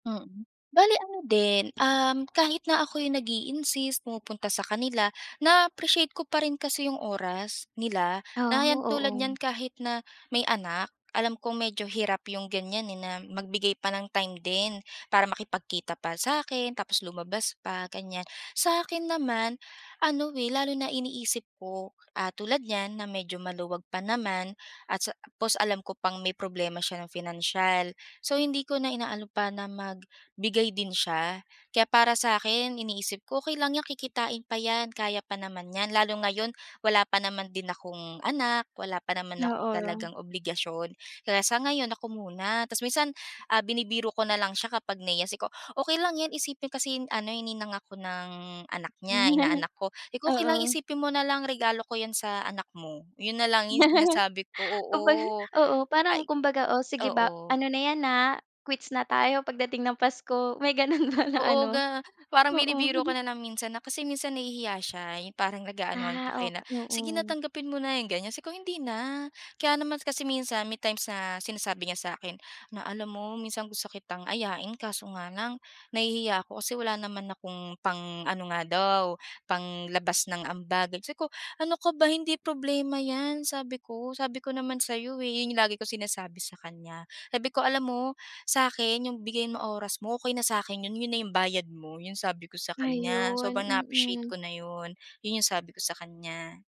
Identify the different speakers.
Speaker 1: Mm. Bale ano din, um, kahit na ako yung nag-i-insist, pumupunta sa kanila, naa-appreciate ko pa rin kasi yung oras nila,
Speaker 2: Ah,
Speaker 1: na ayan, tulad
Speaker 2: oo.
Speaker 1: niyan kahit na may anak, alam kong medyo hirap yung ganyan, eh, na magbigay pa ng time din para makipagkita pa sa'kin, tapos lumabas pa, ganyan. Sa'kin naman, ano, eh, lalo na iniisip ko, ah, tulad niyan na medyo maluwag pa naman at sa tapos alam ko pang may problema siya ng financial. So hindi ko na inaano pa na magbigay din siya. Kaya para sa'kin, iniisip ko, "Okey lang yan, kikitain pa yan. Kaya pa naman niyan." Lalo ngayon, wala pa naman din akong anak, wala pa naman ako talagang
Speaker 2: Oo.
Speaker 1: obligasyon. Kaya sa ngayon, ako muna. Ta's minsan, ah, binibiro ko na lang siya kapag nahihiya, sabi ko, okey lang yan, isipin kasi yun ano, eh, ninang ako ng anak niya, inaanak ko. Sabi ko, okey lang,
Speaker 2: Oo.
Speaker 1: isipin mo nalang regalo ko yan sa anak mo. Yun nalang yung sinasabi ko, oo.
Speaker 2: Kumbaga oo, parang
Speaker 1: Ay
Speaker 2: kumbaga, "Oh sige ba,
Speaker 1: oo.
Speaker 2: ano na yan, ah, quits na tayo pagdating ng Pasko." May ganun pala
Speaker 1: Oo
Speaker 2: ano?
Speaker 1: ga parang
Speaker 2: Oo.
Speaker 1: binibiro ka na lang minsan na kasi minsan nahihiya siya. Yung parang nag-aanuhan pa
Speaker 2: Ah,
Speaker 1: kayo
Speaker 2: ok
Speaker 1: na, sige na
Speaker 2: oo.
Speaker 1: tanggapin mo na, 'yong ganyan. Sabi ko, "Hindi na." Kaya naman kasi minsan may times na sinasabi niya sa akin na, "Alam mo minsan gusto kitang ayain kaso nga lang nahihiya ako kasi wala naman akong" pang-ano nga daw, panglabas ng ambag. Sabi ko, "Ano ka ba, hindi problema yan." Sabi ko. Sabi ko naman sayo, eh, yun yung lagi kong sinasabi sakanya. Sabi ko, "Alam mo, sa akin yung bigay mo oras mo, okey na sakin yun. Yun na yung bayad mo." Yun sabi ko sa kanya.
Speaker 2: Ayun,
Speaker 1: Sobrang naa-appreciate
Speaker 2: mm.
Speaker 1: ko na yun. Yun yung sabi ko sakanya.